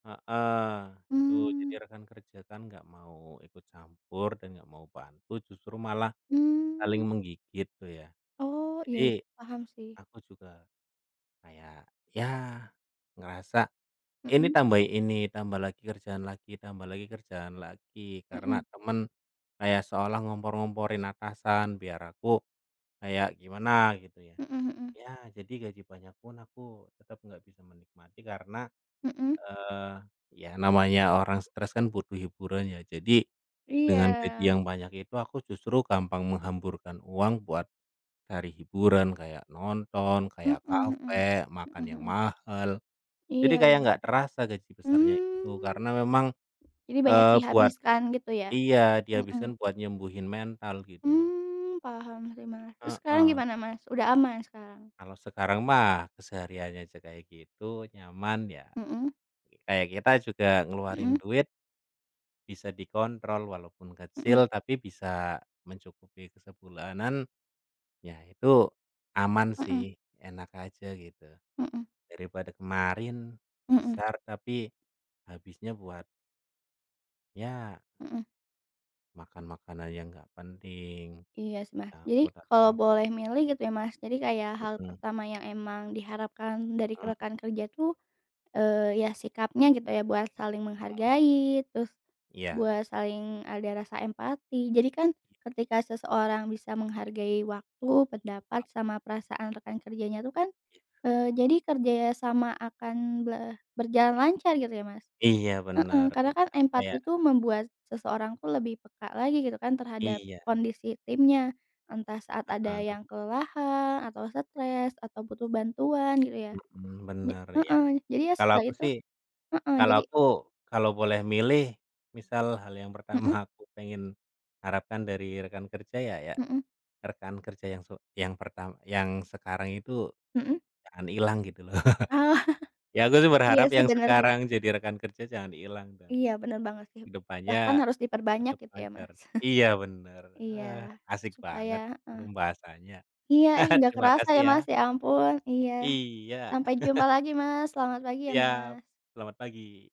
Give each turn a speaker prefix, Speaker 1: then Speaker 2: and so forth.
Speaker 1: Heeh. Itu, jadi
Speaker 2: Mmm.
Speaker 1: rekan kerja kan nggak mau ikut campur dan nggak mau bantu, justru malah saling
Speaker 2: Mmm.
Speaker 1: menggigit tuh, ya.
Speaker 2: Oh, iya
Speaker 1: Jadi,
Speaker 2: iya, paham, sih.
Speaker 1: aku juga kayak, ya, ngerasa ini
Speaker 2: Mhm.
Speaker 1: tambahin ini, tambah lagi kerjaan lagi tambah lagi kerjaan lagi, karena
Speaker 2: Mhm.
Speaker 1: teman kayak seolah ngompor-ngomporin atasan biar aku kayak gimana gitu, ya.
Speaker 2: Mhm mhm.
Speaker 1: Ya, jadi gaji banyak pun aku tetap nggak bisa menikmati karena,
Speaker 2: Mhm.
Speaker 1: eee, ya, namanya orang stres kan butuh hiburan ya. Jadi, dengan gaji
Speaker 2: Iya.
Speaker 1: yang banyak itu aku justru gampang menghamburkan uang buat cari hiburan kayak nonton,
Speaker 2: Mhm
Speaker 1: kayak
Speaker 2: mhm,
Speaker 1: kafe, makan
Speaker 2: mhm
Speaker 1: yang
Speaker 2: mhm.
Speaker 1: mahal. Jadi,
Speaker 2: Iya
Speaker 1: kayak
Speaker 2: ya.
Speaker 1: nggak terasa gaji besarnya itu.
Speaker 2: Hmm.
Speaker 1: Karena memang,
Speaker 2: Jadi banyak
Speaker 1: eee, buat
Speaker 2: dihabiskan, gitu, ya?
Speaker 1: iya,
Speaker 2: Mhm.
Speaker 1: dihabiskan buat nyembuhin mental, gitu lho.
Speaker 2: Hmm, paham sih, Mas. Terus sekarang
Speaker 1: Heeh.
Speaker 2: gimana, Mas? Udah aman sekarang?
Speaker 1: Kalau sekarang mah kesehariannya aja kayak gitu, nyaman, ya,
Speaker 2: Mhm.
Speaker 1: kayak kita juga ngeluarin
Speaker 2: Mhm.
Speaker 1: duit bisa dikontrol. Walaupun
Speaker 2: Mhm.
Speaker 1: kecil, tapi bisa mencukupi ke sebulanan, ya, itu aman
Speaker 2: Mhm.
Speaker 1: sih, enak aja, gitu.
Speaker 2: Mhm.
Speaker 1: Daripada kemarin,
Speaker 2: Mhm.
Speaker 1: besar tapi habisnya buat ya
Speaker 2: Mhm.
Speaker 1: makan-makanan yang nggak penting,
Speaker 2: Iya sih, Mas. Jadi,
Speaker 1: takut atau
Speaker 2: kalau
Speaker 1: ap
Speaker 2: boleh milih gitu ya Mas, jadi kayak hal
Speaker 1: Mhm.
Speaker 2: pertama yang emang diharapkan dari
Speaker 1: Hmm.
Speaker 2: rekan kerja tuh, eee, ya, sikapnya gitu, ya, buat saling
Speaker 1: Mhm.
Speaker 2: menghargai, terus
Speaker 1: Iya.
Speaker 2: buat saling ada rasa empati. Jadi kan,
Speaker 1: Iya.
Speaker 2: ketika seseorang bisa menghargai waktu, pendapat,
Speaker 1: Mmm.
Speaker 2: sama perasaan rekan kerjanya itu kan,
Speaker 1: Ya.
Speaker 2: eee, jadi kerja sama akan be berjalan lancar gitu ya, Mas?
Speaker 1: Iya,
Speaker 2: Heeh,
Speaker 1: benar.
Speaker 2: karena
Speaker 1: Iya,
Speaker 2: kan
Speaker 1: kayak
Speaker 2: empati itu membuat seseorang tuh lebih peka lagi gitu kan, terhadap
Speaker 1: Iya.
Speaker 2: kondisi timnya. Entah saat ada
Speaker 1: Heeh.
Speaker 2: yang kelelahan, atau stres, atau butuh bantuan, gitu, ya?
Speaker 1: Mhm,
Speaker 2: Ja
Speaker 1: benar, iya.
Speaker 2: heeh, jadi ya
Speaker 1: Kalau
Speaker 2: setelah
Speaker 1: aku
Speaker 2: itu
Speaker 1: sih
Speaker 2: heeh,
Speaker 1: kalau
Speaker 2: jadi
Speaker 1: aku, kalau boleh milih, misal hal yang pertama
Speaker 2: Mhm.
Speaker 1: aku pengen harapkan dari rekan kerja ya ya,
Speaker 2: Mhm.
Speaker 1: rekan kerja yang su yang pertam yang sekarang itu
Speaker 2: Mhm.
Speaker 1: jangan hilang, gitu lho. Ya, aku sih
Speaker 2: Iya,
Speaker 1: berharap
Speaker 2: sih.
Speaker 1: yang
Speaker 2: Benar sih.
Speaker 1: sekarang jadi rekan kerja jangan hilang, dan,
Speaker 2: Iya, benar banget sih.
Speaker 1: kehidupannya
Speaker 2: Bahkan harus diperbanyak
Speaker 1: tetap
Speaker 2: gitu ya,
Speaker 1: lancar.
Speaker 2: Mas?
Speaker 1: Iya, benar.
Speaker 2: Iya.
Speaker 1: Ah, asik
Speaker 2: Supaya
Speaker 1: banget
Speaker 2: heeh.
Speaker 1: pembahasannya.
Speaker 2: Iya, eh, nggak
Speaker 1: Terima
Speaker 2: kerasa
Speaker 1: kasih,
Speaker 2: ya,
Speaker 1: ya?
Speaker 2: Mas, ya ampun. Iya.
Speaker 1: Iya.
Speaker 2: Sampai jumpa lagi, Mas. Selamat pagi ya,
Speaker 1: Siap.
Speaker 2: Mas.
Speaker 1: Selamat pagi.